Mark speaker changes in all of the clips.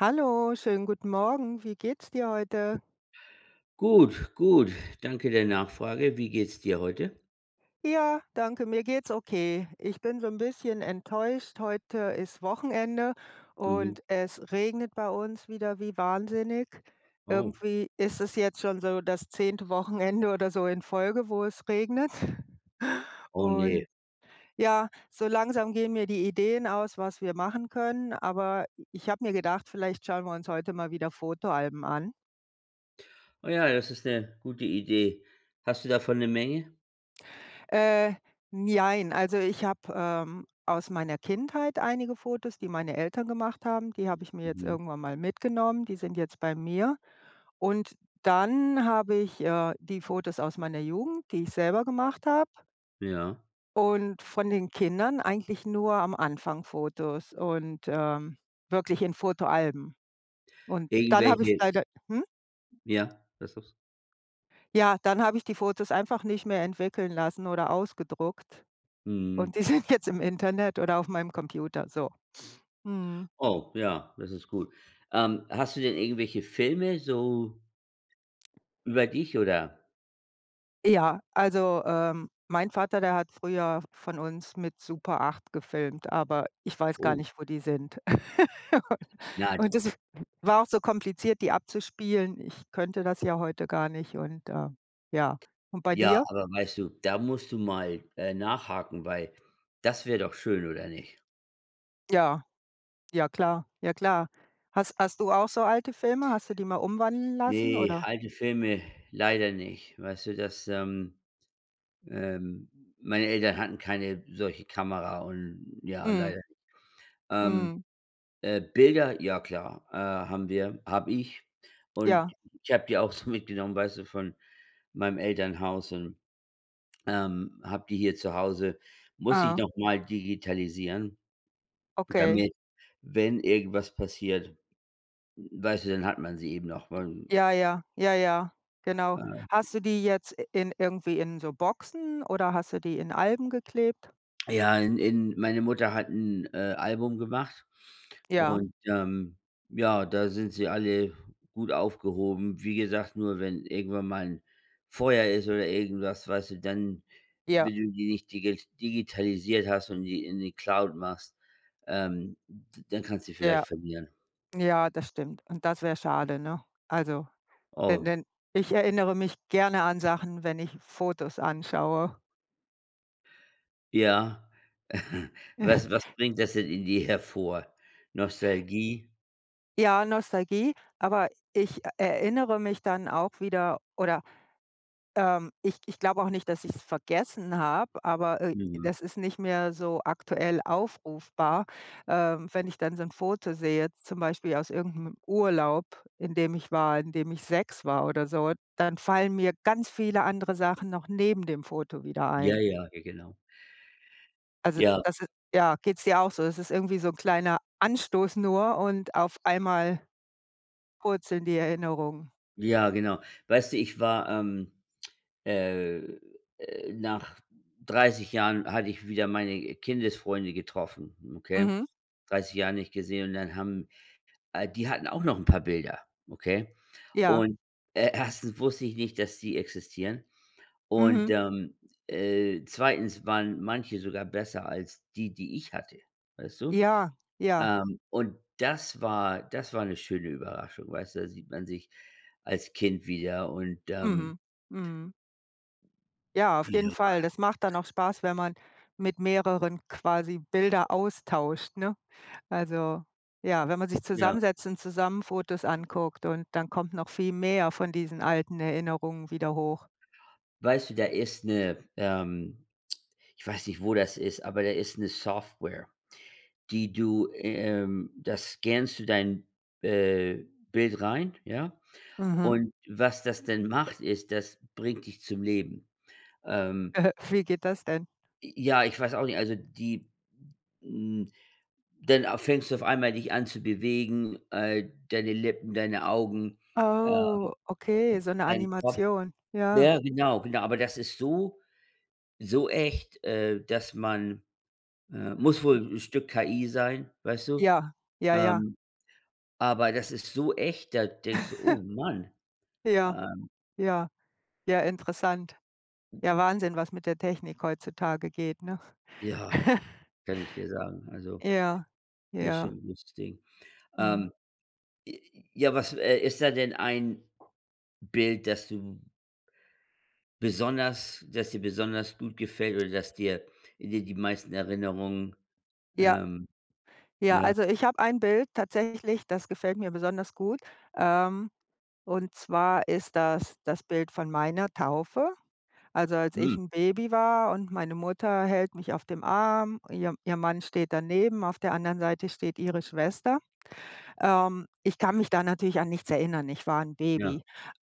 Speaker 1: Hallo, schönen guten Morgen. Wie geht's dir heute?
Speaker 2: Gut, gut. Danke der Nachfrage. Wie geht's dir heute?
Speaker 1: Ja, danke. Mir geht's okay. Ich bin so 'n bisschen enttäuscht, heute ist Wochenende
Speaker 2: Mhm.
Speaker 1: und es regnet bei uns wieder wie wahnsinnig.
Speaker 2: Oh.
Speaker 1: Irgendwie ist es jetzt schon so das 10. Wochenende oder so in Folge, wo es regnet.
Speaker 2: Oh, ne.
Speaker 1: Und ja, so langsam gehen mir die Ideen aus, was wir machen können, aber i ich habe mir gedacht, vielleicht schauen wir uns heute mal wieder Fotoalben an.
Speaker 2: Oh ja, das ist 'ne gute Idee. Hast du davon 'ne Menge?
Speaker 1: Äh, n jein, also ich habe, ähm, aus meiner Kindheit einige Fotos, die meine Eltern gemacht haben, die habe ich mir jetzt
Speaker 2: Mhm.
Speaker 1: irgendwann mal mitgenommen, die sind jetzt bei mir. Und dann habe ich, äh, die Fotos aus meiner Jugend, die ich selber gemacht habe.
Speaker 2: Ja.
Speaker 1: Und von den Kindern eigentlich nur am Anfang Fotos und, ähm, wirklich in Fotoalben. Und dann habe ich es
Speaker 2: Irgendwelche
Speaker 1: leider hm?
Speaker 2: Ja, das ist
Speaker 1: Ja, dann habe ich die Fotos einfach nicht mehr entwickeln lassen oder ausgedruckt.
Speaker 2: Mhm.
Speaker 1: Und die sind jetzt im Internet oder auf meinem Computer, so. Mhm.
Speaker 2: Oh, ja, das ist gut. Ähm, hast du denn irgendwelche Filme, so über dich, oder?
Speaker 1: Ja. Also, ähm, mein Vater, der hat früher von uns mit Super 8 gefilmt. Aber ich weiß gar
Speaker 2: Oh.
Speaker 1: nicht, wo die sind.
Speaker 2: Nein.
Speaker 1: U-Und das w war auch so kompliziert, die abzuspielen. Ich könnte das ja heute gar nicht. Und, äh, ja. Und bei
Speaker 2: Ja,
Speaker 1: dir?
Speaker 2: aber weißt du, da musst du mal, äh, nachhaken, weil das wäre doch schön, oder nicht?
Speaker 1: Ja. Ja, klar. Ja, klar. Has hast du auch so alte Filme? Hast du die mal umwandeln lassen,
Speaker 2: Ne,
Speaker 1: oder?
Speaker 2: alte Filme leider nicht. Weißt du, das, ähm ähm, meine Eltern hatten keine solche Kamera und ja,
Speaker 1: Mhm.
Speaker 2: leider. Ähm.
Speaker 1: Mhm.
Speaker 2: Äh, Bilder, ja klar, äh, haben wir habe ich. Und
Speaker 1: Ja.
Speaker 2: ich habe die auch so mitgenommen, weißt du, von meinem Elternhaus und, ähm, habe die hier zu Hause. Muss ich
Speaker 1: Ah.
Speaker 2: nochmal digitalisieren,
Speaker 1: Okay.
Speaker 2: damit, wenn irgendwas passiert, w weißt du, dann hat man sie eben noch, und
Speaker 1: Ja, ja, ja, ja, genau.
Speaker 2: Ähm.
Speaker 1: Hast du die jetzt i in irgendwie in so Boxen, oder hast du die in Alben geklebt?
Speaker 2: Ja, in in meine Mutter hat 'n, äh, Album gemacht
Speaker 1: Ja.
Speaker 2: und, ähm, ja, da sind sie alle gut aufgehoben. Wie gesagt, nur wenn irgendwann mal 'n Feuer ist oder irgendwas, weißt du, dann,
Speaker 1: Ja.
Speaker 2: wenn du die nicht digi digitalisiert hast und die in die Cloud machst, ähm, d dann kannst die
Speaker 1: Ja.
Speaker 2: vielleicht verlieren.
Speaker 1: Ja, das stimmt. Und das wäre schade, ne? Also denn
Speaker 2: Oh.
Speaker 1: denn ich erinnere mich gerne an Sachen, wenn ich Fotos anschaue.
Speaker 2: Ja. Was was bringt das denn in dir hervor? Nostalgie?
Speaker 1: Ja, Nostalgie, aber ich e erinnere mich dann auch wieder, oder, ähm ich ich glaube auch nicht, dass ich es vergessen habe, aber, äh,
Speaker 2: Mhm.
Speaker 1: das ist nicht mehr so aktuell aufrufbar. Ähm, wenn ich dann so 'n Foto sehe, jetzt zum Beispiel aus irgend 'nem Urlaub, in dem ich war, in dem ich 6 war oder so, dann fallen mir ganz viele andere Sachen noch neben dem Foto wieder
Speaker 2: Ja,
Speaker 1: ein.
Speaker 2: ja, ge genau.
Speaker 1: Also,
Speaker 2: Ja.
Speaker 1: das ist ja, geht's dir auch so? Das ist irgendwie so 'n kleiner Anstoß nur und auf einmal purzeln in die Erinnerung.
Speaker 2: Ja, genau. Weißt du, ich war, ähm, äh, äh nach 30 Jahren hatte ich wieder meine Kindesfreunde getroffen. Okay?
Speaker 1: Mhm.
Speaker 2: 30 Jahre nicht gesehen. Und dann haben äh, die hatten auch noch 'n paar Bilder. Okay?
Speaker 1: Ja.
Speaker 2: Und, e 1. wusste ich nicht, dass die existieren. Und,
Speaker 1: Mhm.
Speaker 2: ähm, äh, 2. waren manche sogar besser als die, die ich hatte. Weißt du?
Speaker 1: Ja, ja.
Speaker 2: Ähm, und das war das war 'ne schöne Überraschung. Weißt du, da sieht man sich als Kind wieder und, ähm
Speaker 1: Mhm, mhm. Ja, auf jeden Fall.
Speaker 2: [unintelligible]
Speaker 1: Das macht dann auch Spaß, wenn man mit mehreren quasi Bilder austauscht, ne? Also, ja, wenn man sich
Speaker 2: Ja.
Speaker 1: zusammensetzt und zusammen Fotos anguckt und dann kommt noch viel mehr von diesen alten Erinnerungen wieder hoch.
Speaker 2: Weißt du, da ist 'ne, ähm ich weiß nicht, wo das ist, aber da ist 'ne Software, die du, ähm da scannst du dein, äh, Bild rein, ja?
Speaker 1: Mhm.
Speaker 2: Und was das denn macht, ist, das bringt dich zum Leben. Ähm.
Speaker 1: Wie geht das denn?
Speaker 2: J ja, ich weiß auch nicht, also die, hm dann au fängst du auf einmal dich an zu bewegen, äh, deine Lippen, deine Augen, ähm,
Speaker 1: Oh, okay, so 'ne
Speaker 2: dein Kopf.
Speaker 1: Animation, ja.
Speaker 2: Ja, genau, genau, aber das ist so, so echt, äh, dass man, äh muss wohl 'n Stück KI sein, weißt du?
Speaker 1: Ja, ja, ja.
Speaker 2: Ähm. Aber das ist so echt, da denkst du: „Oh Mann“.
Speaker 1: Ja,
Speaker 2: Ähm.
Speaker 1: ja, ja, interessant. Ja, Wahnsinn, was mit der Technik heutzutage geht, ne?
Speaker 2: Ja, kann ich dir sagen, also,
Speaker 1: Ja,
Speaker 2: ist schon
Speaker 1: ja.
Speaker 2: 'n gutes Ding.
Speaker 1: Mhm.
Speaker 2: Ähm. J ja, was, äh, ist da denn ein Bild, das du besonders dass dir besonders gut gefällt oder dass dir dir die meisten Erinnerungen,
Speaker 1: Ja.
Speaker 2: ähm
Speaker 1: Ja,
Speaker 2: ja.
Speaker 1: also ich habe ein Bild tatsächlich, das gefällt mir besonders gut, ähm. Und zwar ist das das Bild von meiner Taufe. Also, als
Speaker 2: Mhm.
Speaker 1: ich 'n Baby war und meine Mutter hält mich auf dem Arm, ihr ihr Mann steht daneben, auf der anderen Seite steht ihre Schwester. Ähm, ich kann mich da natürlich an nichts erinnern, ich war 'n
Speaker 2: Ja.
Speaker 1: Baby,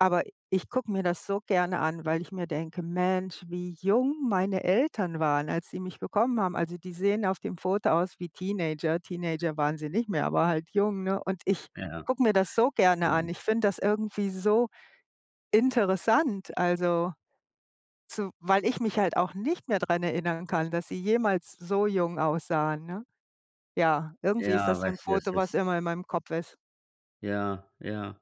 Speaker 1: aber ich gucke mir das so gerne an, weil ich mir denke: „Mensch, wie jung meine Eltern waren, als sie mich bekommen haben.“ Also, die sehen auf dem Foto aus wie Teenager. Teenager waren sie nicht mehr, aber halt jung, ne? Und ich
Speaker 2: Ja.
Speaker 1: gucke mir das so gerne an.
Speaker 2: Ähm.
Speaker 1: Ich finde das irgendwie so interessant, also. So, weil ich mich halt auch nicht mehr daran erinnern kann, dass sie jemals so jung aussahen, ne? Ja, irgendwie ist
Speaker 2: Ja,
Speaker 1: das so 'n
Speaker 2: weißt du, das
Speaker 1: Foto, was
Speaker 2: ist
Speaker 1: immer in meinem Kopf ist.
Speaker 2: Ja, ja.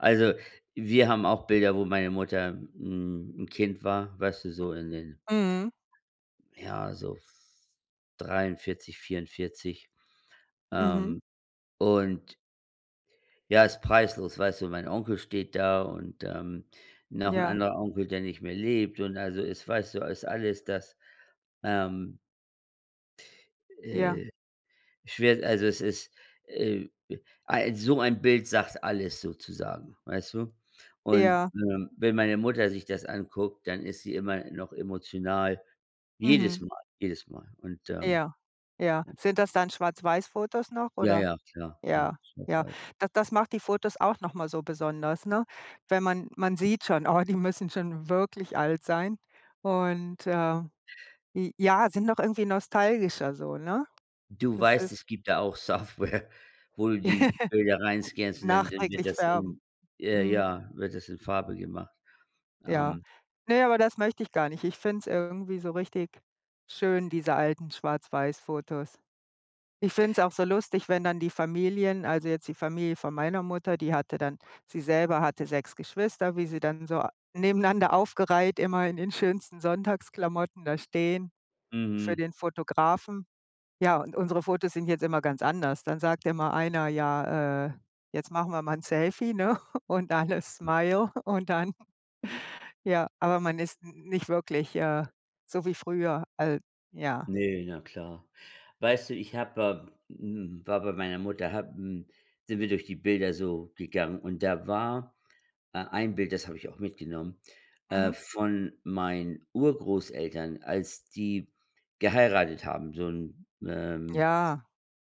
Speaker 2: Also, wir haben auch Bilder, wo meine Mutter 'n 'n Kind war, weißt du, so in den
Speaker 1: Mhm.
Speaker 2: ja, so v 43, 44,
Speaker 1: Mhm.
Speaker 2: ähm, und Ja, ist preislos. Weißt du, mein Onkel steht da und, ähm, noch ‘n
Speaker 1: Ja.
Speaker 2: anderer Onkel, der nicht mehr lebt und also es weißt du, ist alles, dass, ähm
Speaker 1: Ja.
Speaker 2: äh, schwer, also, es ist, äh, ei so ein Bild sagt alles sozusagen, weißt du? Und,
Speaker 1: Ja.
Speaker 2: ähm, wenn meine Mutter sich das anguckt, dann ist sie immer noch emotional.
Speaker 1: Mhm.
Speaker 2: Jedes Mal, jedes Mal und, ähm
Speaker 1: Ja, ja. Sind das dann schwarz-weiß Fotos noch,
Speaker 2: Ja,
Speaker 1: oder?
Speaker 2: ja, klar, klar.
Speaker 1: Ja, ja.
Speaker 2: Schwarz-weiß.
Speaker 1: Das das macht die Fotos auch nochmal so besonders, ne? Wenn man man sieht schon: „Oh, die müssen schon wirklich alt sein und“, äh, j ja, sind noch irgendwie nostalgischer so, ne?
Speaker 2: Du
Speaker 1: Das
Speaker 2: weißt,
Speaker 1: ist
Speaker 2: es gibt da auch Software, wo du die Bilder reinscannst und dann dann wird
Speaker 1: Nachträglich
Speaker 2: das
Speaker 1: färben.
Speaker 2: in äh,
Speaker 1: Mhm.
Speaker 2: ja, wird das in Farbe gemacht.
Speaker 1: Ja.
Speaker 2: Ähm
Speaker 1: Ne, aber das möchte ich gar nicht. Ich finde es irgendwie so richtig schön, diese alten schwarz-weiss-Fotos. Ich finde es auch so lustig, wenn dann die Familien also jetzt die Familie von meiner Mutter, die hatte dann sie selber hatte 6 Geschwister, wie sie dann so a nebeneinander aufgereiht, immer in in schönsten Sonntagsklamotten da stehen für
Speaker 2: Mhm.
Speaker 1: den Fotografen. Ja, und unsere Fotos sind jetzt immer ganz anders. Dann sagt immer einer: „Ja, äh, jetzt machen wir mal ‘n Selfie, ne? und alle
Speaker 2: Hm.
Speaker 1: Smile“ und dann ja, aber man ist n nicht wirklich, äh, so wie früher, al ja.
Speaker 2: Ne, na klar. Weißt du, ich habe äh, hm, war bei meiner Mutter habe, hm sind wir durch die Bilder so gegangen und da war, äh, ein Bild, das habe ich auch mitgenommen, äh,
Speaker 1: Mhm.
Speaker 2: von meinen Urgroßeltern, als die geheiratet haben, so ‘n, ähm,
Speaker 1: Ja.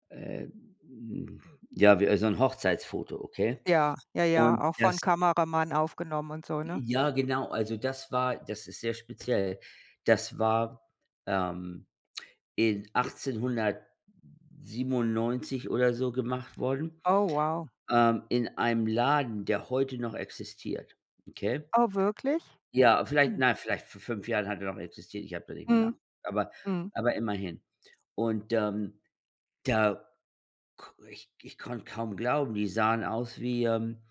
Speaker 2: äh, hm, ja wie so ‘n Hochzeitsfoto, okay,
Speaker 1: Ja, ja, ja,
Speaker 2: und
Speaker 1: auch von
Speaker 2: das
Speaker 1: Kameramann aufgenommen und so, ne?
Speaker 2: Ja, genau, also das war das ist sehr speziell. Das war, ähm, in 1897 oder so gemacht worden,
Speaker 1: Oh, wow.
Speaker 2: ähm, in einem Laden, der heute noch existiert, okay?
Speaker 1: Oh, wirklich?
Speaker 2: Ja, vielleicht
Speaker 1: Hm.
Speaker 2: nein, vielleicht vor fünf Jahren hat er noch existiert. Ich habe da nicht mehr nach
Speaker 1: Mhm.
Speaker 2: aber
Speaker 1: Mhm.
Speaker 2: aber immerhin. Und, ähm, da ko ich ich konnte kaum glauben, die sahen aus wie, ähm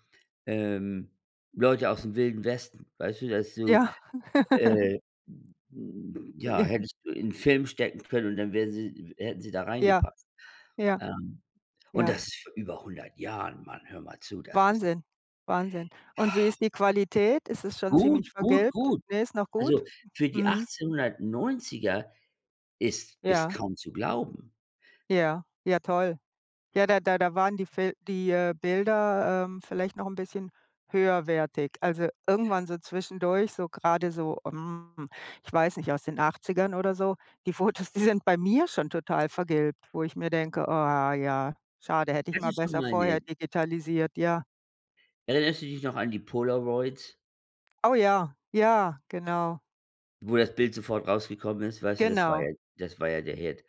Speaker 2: ähm, Leute aus dem Wilden Westen. Weißt du, dass du
Speaker 1: Ja.
Speaker 2: äh, hm hm, ja,
Speaker 1: Ja.
Speaker 2: hättest du in Film stecken können und dann wären sie w hätten sie da
Speaker 1: Ja.
Speaker 2: reingepasst.
Speaker 1: Ja.
Speaker 2: Ähm, und
Speaker 1: Ja.
Speaker 2: das ist vor über 100 Jahren, mann, hör mal zu, das ist
Speaker 1: Wahnsinn, wahnsinn. Und wie ist die Qualität? Ist es schon
Speaker 2: Gut,
Speaker 1: ziemlich
Speaker 2: gut,
Speaker 1: vergilbt?
Speaker 2: gut.
Speaker 1: Ne, ist noch gut?
Speaker 2: Also, für die
Speaker 1: Mhm.
Speaker 2: 1890er ist ist
Speaker 1: Ja.
Speaker 2: kaum zu glauben.
Speaker 1: Ja, ja, toll. Ja, da da da waren die Fil die, äh, Bilder, ähm, vielleicht noch ‘n bisschen höherwertig. Also, irgendwann so zwischendurch, so grade so, ähm, ich weiß nicht, aus den 80ern oder so, die Fotos, die sind bei mir schon total vergilbt, wo ich mir denke, ah ja, schade, hätte ich
Speaker 2: Das
Speaker 1: mal
Speaker 2: ist schon
Speaker 1: besser
Speaker 2: mal
Speaker 1: vorher
Speaker 2: ne
Speaker 1: digitalisiert, ja.
Speaker 2: Erinnerst du dich noch an die Polaroids?
Speaker 1: Oh ja, ja, genau.
Speaker 2: Wo das Bild sofort rausgekommen ist? Weißt du, das war
Speaker 1: Genau.
Speaker 2: ja das war ja der Hit.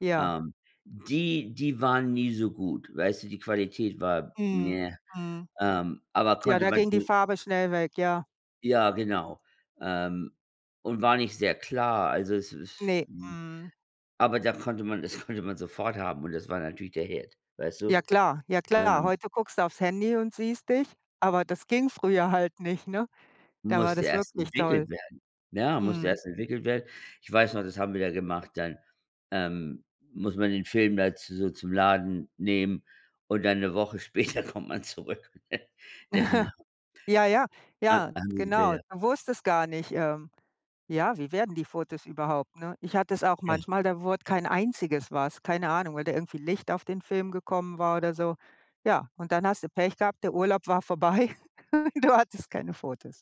Speaker 1: Ja.
Speaker 2: Ähm, die die waren nie so gut. Weißt du, die Qualität war
Speaker 1: Mhm,
Speaker 2: ne,
Speaker 1: mhm.
Speaker 2: ähm, aber
Speaker 1: Ja,
Speaker 2: konnte
Speaker 1: da
Speaker 2: man
Speaker 1: ging die
Speaker 2: sich
Speaker 1: Farbe schnell weg, ja.
Speaker 2: Ja, genau, ähm, und war nicht sehr klar. Also, es ist,
Speaker 1: Ne,
Speaker 2: hm
Speaker 1: mhm.
Speaker 2: aber da konnte man das konnte man sofort haben. Und das war natürlich der Hit, weißt
Speaker 1: Ja
Speaker 2: du?
Speaker 1: klar, ja klar.
Speaker 2: Ähm
Speaker 1: Heute guckst du aufs Handy und siehst dich, aber das ging früher halt nicht, ne? Da war
Speaker 2: Musste
Speaker 1: das
Speaker 2: erst
Speaker 1: wirklich toll.
Speaker 2: entwickelt werden. Ne, musste
Speaker 1: Mhm.
Speaker 2: erst entwickelt werden. Ich weiß noch, das haben wir da gemacht, dann, ähm muss man den Film da zu so zum Laden nehmen und dann 'ne Woche später kommt man zurück, ne? [unintelligible]
Speaker 1: Ja, ja,
Speaker 2: Ha
Speaker 1: ja,
Speaker 2: haben sie die
Speaker 1: genau.
Speaker 2: Bilder?
Speaker 1: Du wusstest gar nicht, ähm ja, wie werden die Fotos überhaupt, ne? Ich hatte das auch
Speaker 2: Ja.
Speaker 1: manchmal, da wurde kein einziges was. Keine Ahnung, weil da irgendwie Licht auf den Film gekommen war oder so. Ja, und dann hast du Pech gehabt, der Urlaub war vorbei und du hattest keine Fotos.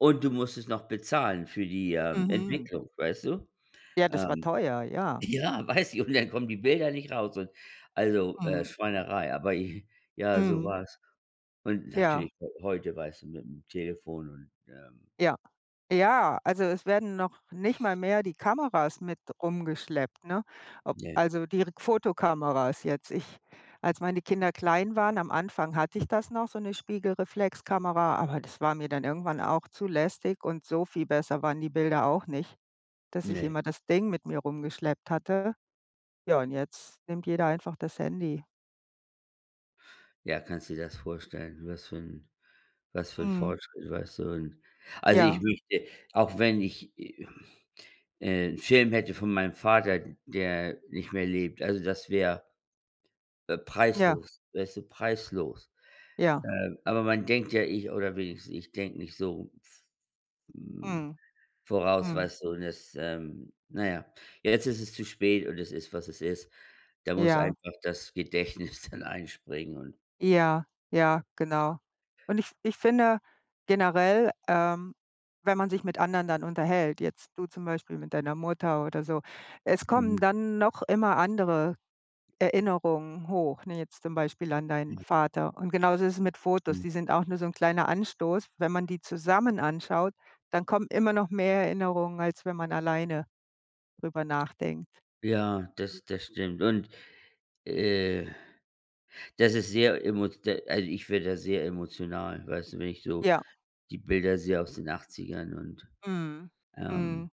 Speaker 2: Und du musstest noch bezahlen für die, ähm,
Speaker 1: Mhm.
Speaker 2: Entwicklung, weißt du?
Speaker 1: Ja, das war
Speaker 2: Ähm,
Speaker 1: teuer, ja.
Speaker 2: ja, weiß ich und dann kommen die Bilder nicht raus und also, äh,
Speaker 1: Mhm.
Speaker 2: Schweinerei. Aber, i ich ja, so
Speaker 1: Mhm.
Speaker 2: war es. Und,
Speaker 1: Ja.
Speaker 2: natürlich heu heute weißt du mit dem Telefon und, ähm
Speaker 1: Ja. Ja, also es werden noch nicht mal mehr die Kameras mit rumgeschleppt, ne? Ob
Speaker 2: Ne.
Speaker 1: also die Fotokameras jetzt. Ich als meine Kinder klein waren, am Anfang hatte ich das noch, so 'ne Spiegelreflexkamera, aber das war mir dann irgendwann auch zu lästig und so viel besser waren die Bilder auch nicht, dass ich
Speaker 2: Ne.
Speaker 1: immer das Ding mit mir rumgeschleppt hatte. Ja, und jetzt nimmt jeder einfach das Handy.
Speaker 2: Ja, kannst du dir das vorstellen, was für 'n was für 'n
Speaker 1: Mhm.
Speaker 2: Fortschritt, weißt du, und also ich
Speaker 1: Ja.
Speaker 2: möchte, auch wenn ich, äh, äh, 'n Film hätte von meinem Vater, der nicht mehr lebt, also das wäre, äh,
Speaker 1: Ja.
Speaker 2: preislos, weißt du, preislos.
Speaker 1: Ja.
Speaker 2: Äh, aber man denkt ja, ich oder wenigstens ich denke nicht so f
Speaker 1: Mhm,
Speaker 2: voraus,
Speaker 1: mhm.
Speaker 2: weißt du, und jetzt, ähm, na ja. Ja, jetzt ist es zu spät und es ist, was es ist, da muss
Speaker 1: Ja.
Speaker 2: einfach das Gedächtnis dann einspringen und
Speaker 1: Ja, ja, genau. Und, ich ich finde generell, ähm, wenn man sich mit anderen dann unterhält, jetzt du zum Beispiel mit deiner Mutter oder so, es kommen
Speaker 2: Mhm.
Speaker 1: dann noch immer andere Erinnerungen hoch, ne, jetzt zum Beispiel an deinen
Speaker 2: Ja
Speaker 1: Vater. Und genauso ist es mit Fotos,
Speaker 2: Ja.
Speaker 1: die sind auch nur so 'n kleiner Anstoß. Wenn man die zusammen anschaut, dann kommen immer noch mehr Erinnerungen, als wenn man alleine darüber nachdenkt.
Speaker 2: Ja, das das stimmt und, äh, das ist sehr emo d also ich werde da sehr emotional, weißt du, wenn ich so
Speaker 1: Ja.
Speaker 2: die Bilder sehe aus den 80ern und,
Speaker 1: Mhm,
Speaker 2: ähm
Speaker 1: mhm,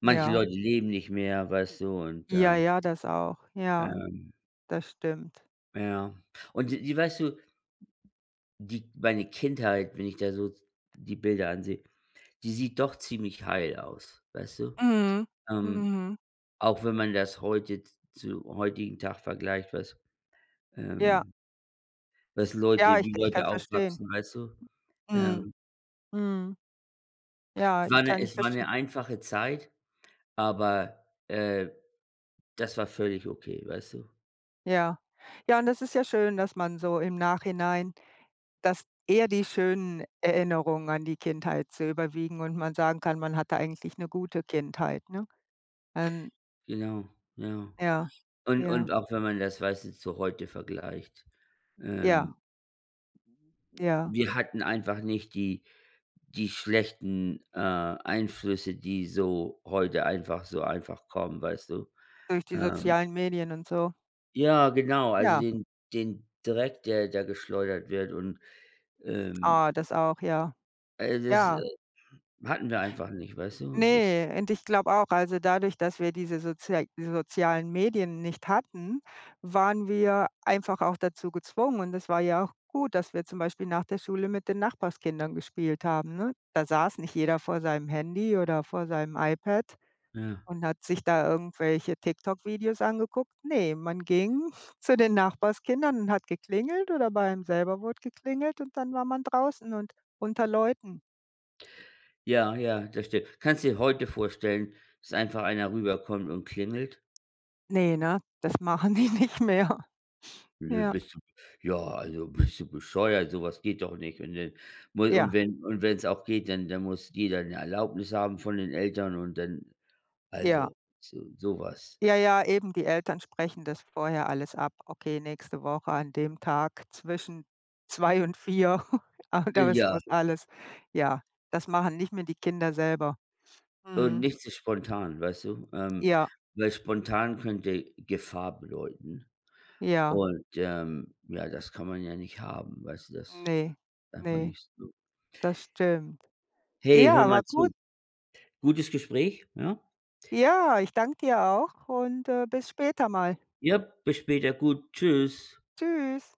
Speaker 2: manche
Speaker 1: ja.
Speaker 2: Leute leben nicht mehr, weißt du, und
Speaker 1: Ja,
Speaker 2: ähm
Speaker 1: ja, das auch, ja.
Speaker 2: Ähm
Speaker 1: Das stimmt.
Speaker 2: Ja. Und die die weißt du die meine Kindheit, wenn ich da so die Bilder ansehe, die sieht doch ziemlich heil aus, weißt du?
Speaker 1: Mhm.
Speaker 2: Ähm,
Speaker 1: Mhm.
Speaker 2: auch wenn man das heute z zu heutigen Tag vergleicht, was,
Speaker 1: Ja.
Speaker 2: ähm was
Speaker 1: Ja,
Speaker 2: Leute
Speaker 1: ich
Speaker 2: wie
Speaker 1: ich kann
Speaker 2: Leute
Speaker 1: verstehen.
Speaker 2: aufwachsen, weißt du?
Speaker 1: Mhm.
Speaker 2: Ähm.
Speaker 1: Mhm. Ja,
Speaker 2: War
Speaker 1: ich
Speaker 2: 'ne
Speaker 1: kann dich
Speaker 2: es war
Speaker 1: verstehen.
Speaker 2: 'ne einfache Zeit, aber, äh, das war völlig okay, weißt du?
Speaker 1: Ja. Ja, und es ist ja schön, dass man so im Nachhinein dass eher die schönen Erinnerungen an die Kindheit so überwiegen und man sagen kann, man hatte eigentlich 'ne gute Kindheit, ne? Ähm.
Speaker 2: Genau, jau.
Speaker 1: Ja,
Speaker 2: Und
Speaker 1: ja.
Speaker 2: und auch wenn man das, weißt du, zu heute vergleicht.
Speaker 1: Ja.
Speaker 2: Ähm
Speaker 1: Ja.
Speaker 2: wir hatten einfach nicht die die schlechten, äh, Einflüsse, die so heute einfach so einfach kommen, weißt du?
Speaker 1: Durch die
Speaker 2: Ähm.
Speaker 1: sozialen Medien und so?
Speaker 2: Ja, genau, also
Speaker 1: Ja.
Speaker 2: den den Dreck, der der geschleudert wird und, ähm
Speaker 1: Ah, das auch, ja.
Speaker 2: äh, das,
Speaker 1: Ja.
Speaker 2: äh hatten wir einfach nicht, weißt du? Das ist.
Speaker 1: Ne, und ich glaube auch, also dadurch, dass wir diese sozia die sozialen Medien nicht hatten, waren wir einfach auch dazu gezwungen und es war ja auch gut, dass wir zum Beispiel nach der Schule mit den Nachbarskindern gespielt haben, ne? Da saß nicht jeder vor seinem Handy oder vor seinem iPad
Speaker 2: Ja.
Speaker 1: und hat sich da irgendwelche TikTok-Videos angeguckt. Ne, man ging zu den Nachbarskindern und hat geklingelt, oder bei einem selber wurde geklingelt und dann war man draußen und unter Leuten.
Speaker 2: Ja, ja, das stimmt. Kannst du dir heute vorstellen, dass einfach einer rüberkommt und klingelt?
Speaker 1: Ne, ne? Das machen die nicht mehr.
Speaker 2: Ne,
Speaker 1: Ja.
Speaker 2: bist du ja, also bist du bescheuert, sowas geht doch nicht. Und dann mu und
Speaker 1: Ja.
Speaker 2: wenn und wenn's auch geht, dann dann muss jeder 'ne Erlaubnis haben von den Eltern und dann
Speaker 1: Ja.
Speaker 2: also so so was.
Speaker 1: Ja, ja, eben, die Eltern sprechen das vorher alles ab. Okay, nächste Woche an dem Tag zwischen 2 und 4. Ah
Speaker 2: Äh,
Speaker 1: doch, es
Speaker 2: ja.
Speaker 1: muss alles ja, das machen nicht mehr die Kinder selber.
Speaker 2: Und
Speaker 1: Mhm.
Speaker 2: nicht zu spontan, weißt du? Ähm,
Speaker 1: Ja.
Speaker 2: weil spontan könnte Gefahr bedeuten.
Speaker 1: Ja.
Speaker 2: Und, ähm, ja, das kann man ja nicht haben. Weißt du das
Speaker 1: Ne,
Speaker 2: einfach
Speaker 1: ne.
Speaker 2: nicht so.
Speaker 1: Das stimmt.
Speaker 2: Hey,
Speaker 1: Ja,
Speaker 2: höre
Speaker 1: aber
Speaker 2: mal
Speaker 1: gut.
Speaker 2: zu. Gutes Gespräch, ja?
Speaker 1: Ja, ich danke dir auch und, äh, bis später mal.
Speaker 2: Ja, bis später. Gut. Tschüss.
Speaker 1: Tschüss.